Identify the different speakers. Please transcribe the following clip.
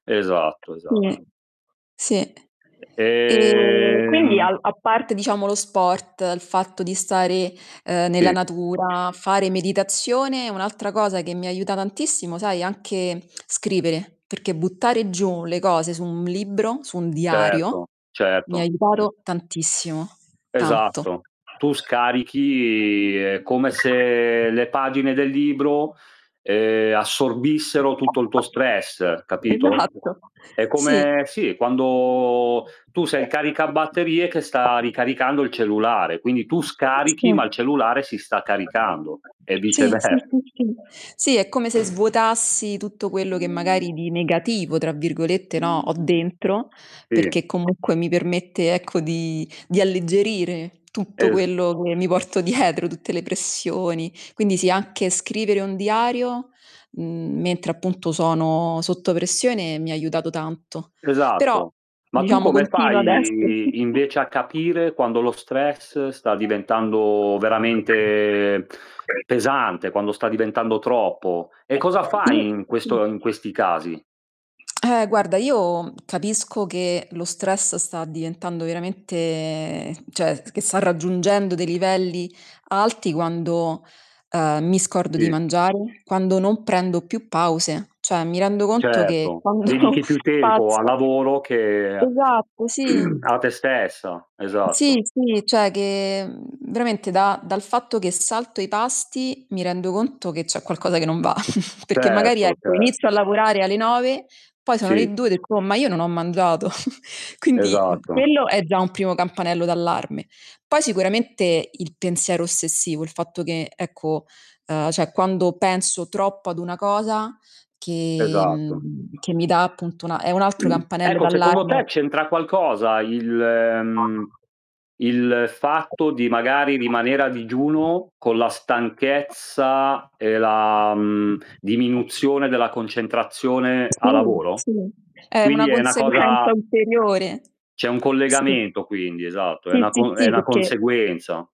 Speaker 1: Esatto,
Speaker 2: Mh.
Speaker 1: esatto.
Speaker 2: Sì. E
Speaker 1: E
Speaker 2: quindi
Speaker 1: ehm
Speaker 2: al a parte diciamo lo sport, il fatto di stare, ehm, nella
Speaker 1: Sì.
Speaker 2: natura, fare meditazione, un'altra cosa che mi aiuta tantissimo sai anche scrivere, perché buttare giù le cose su un libro, su un diario,
Speaker 1: Certo,
Speaker 2: mi ha
Speaker 1: certo.
Speaker 2: aiutato tantissimo, tanto.
Speaker 1: Esatto. Tu scarichi, è come se le pagine del libro, ehm, assorbissero tutto il tuo stress, capito?
Speaker 2: Esatto,
Speaker 1: È
Speaker 2: sì.
Speaker 1: come sì, quando tu sei il caricabatterie che sta ricaricando il cellulare, quindi tu
Speaker 2: Sì.
Speaker 1: scarichi ma il cellulare si sta caricando, e
Speaker 2: Sì, sì,
Speaker 1: vicever
Speaker 2: sì, sì. Sì, è come se svuotassi tutto quello che magari di "negativo", tra virgolette, no ho
Speaker 1: Sì.
Speaker 2: dentro, perché comunque mi permette ecco di di alleggerire tutto
Speaker 1: Es
Speaker 2: quello che mi porto dietro, tutte le pressioni, quindi sì, anche scrivere un diario, mhmm, mentre appunto sono sotto pressione mi ha aiutato tanto. Però
Speaker 1: Esatto. Ma tu
Speaker 2: diciamo
Speaker 1: come
Speaker 2: continua adesso.
Speaker 1: fai invece a capire quando lo stress sta diventando veramente pesante, quando sta diventando troppo. E cosa fai in
Speaker 2: [unintelligible]
Speaker 1: questo in questi casi?
Speaker 2: Eh guarda, io capisco che lo stress sta diventando veramente cioè, che sta raggiungendo dei livelli alti quando, ehm, mi scordo di
Speaker 1: Sì.
Speaker 2: mangiare, quando non prendo più pause, cioè mi rendo conto che
Speaker 1: Certo,
Speaker 2: quando
Speaker 1: dedichi più tempo al
Speaker 2: [unintelligible]
Speaker 1: lavoro che
Speaker 2: esatto, sì.
Speaker 1: a te stessa,
Speaker 2: [unintelligible] Sì,
Speaker 1: esatto.
Speaker 2: sì, cioè che, mhmm, veramente da dal fatto che salto i pasti, mi rendo conto che c'è qualcosa che non va, perché magari
Speaker 1: Certo,
Speaker 2: ecco inizio
Speaker 1: certo.
Speaker 2: a lavorare alle 9, poi sono le
Speaker 1: Sì.
Speaker 2: 2 [unintelligible] ma io non ho mangiato. Quindi, mh,
Speaker 1: Esatto.
Speaker 2: quello è già un primo campanello d'allarme. Poi sicuramente il pensiero ossessivo, il fatto che, ecco, uhm, cioè quando penso troppo ad una cosa che,
Speaker 1: Esatto.
Speaker 2: mhmm, che mi dà appunto una è un altro campanello
Speaker 1: Ecco, secondo te
Speaker 2: d'allarme.
Speaker 1: c'entra qualcosa il mhmm, il fatto di magari rimanere a digiuno, con la stanchezza e la, mhmm, diminuzione della concentrazione a
Speaker 2: Sì,
Speaker 1: lavoro?
Speaker 2: sì, è una
Speaker 1: Quindi è 'na
Speaker 2: conseguenza
Speaker 1: cosa
Speaker 2: ulteriore.
Speaker 1: C'è un
Speaker 2: Sì,
Speaker 1: collegamento quindi esatto, è
Speaker 2: sì,
Speaker 1: una
Speaker 2: sì,
Speaker 1: co è
Speaker 2: sì,
Speaker 1: una
Speaker 2: perché
Speaker 1: conseguenza.